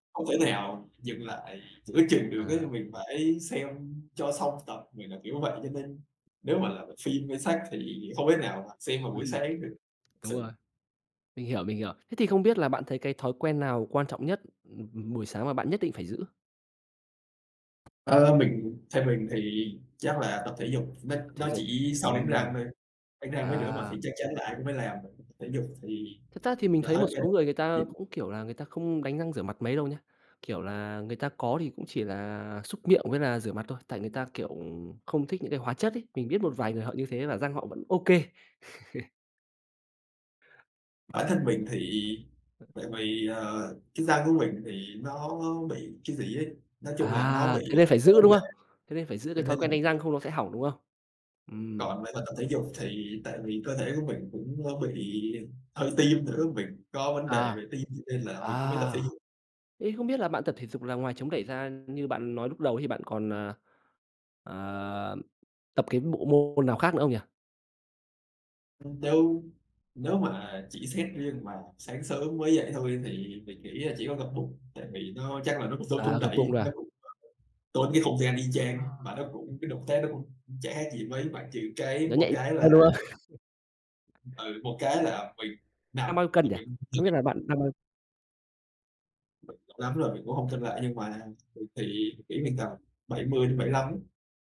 Hông thể nào dừng lại giữa chừng được ấy, À. mình phải xem cho xong tập. Mình là kiểu vậy, cho nên nếu mà là m phim hay sách thì hông thể nào mà xem vào buổi sáng được Đúng sự. rồi. Mình hiểu, mình hiểu. Thế thì không biết là bạn thấy cái thói quen nào quan trọng nhất, ừm, ừm, buổi sáng mà bạn nhất định phải giữ? Ờ, mình theo mình thì chắc là tập thể dục, nó Thể nó dục, chỉ sau đánh răng ừm. thôi, đánh răng với rửa mặt À. thì chắc chắn là ai cũng phải làm rồi, tập thể dục thì Thật ra thì mình là thấy thói một quen. số người, người ta cũng kiểu là người ta không đánh răng rửa mặt mấy đâu nhá. Kiểu là, người ta có thì cũng chỉ là súc miệng với là rửa mặt thôi, tại người ta, kiểu, không thích những cái hóa chất ấy. Mình biết một vài người họ như thế và răng họ vẫn OK. Bản thân mình thì tại vì, ờ, cái da của mình thì nó bị cái gì ấy, nói chung là nó bị, À, thế à, nên phải có giữ, vấn đúng đề. không? Thế nên phải giữ Cho cái thói nên là quen mới đánh răng không nó sẽ hỏng, đúng không? Ừm. Còn phải là tập thể dục, thì tại vì cơ thể của mình cũng, a, bị đau tim nữa, mình có vấn đề À. về tim, cho nên là mình cũng phải tập À! thể dục. Thế không biết là bạn tập thể dục là ngoài chống đẩy ra như bạn nói lúc đầu ấy, thì bạn còn, à, à, tập cái bộ môn nào khác nữa không nhỉ? Ừm, đâu. Nếu mà chỉ xét riêng mà sáng sớm mới dậy thôi thì mình nghĩ là chỉ có gập bụng, tại vì nó chắc là nó cũng giống chống À, gập bụng đẩy, thôi cái à? bụng [unintelligible] tốn cái không gian y chang mà À. nó cũng cái động tác nó cũng chả khác gì mấy. Ngoại trừ cái Nó một nhạy cái như là nhau, đúng không? Ừ, một cái là mình nằm, Đang bao nhiêu cân rồi nhỉ? mình Không biết [unintelligible] là bạn đang bao [unintelligible] Lắm rồi mình cũng hông xem lại, nhưng mà mình thì nghĩ mình tầm 70-75 á.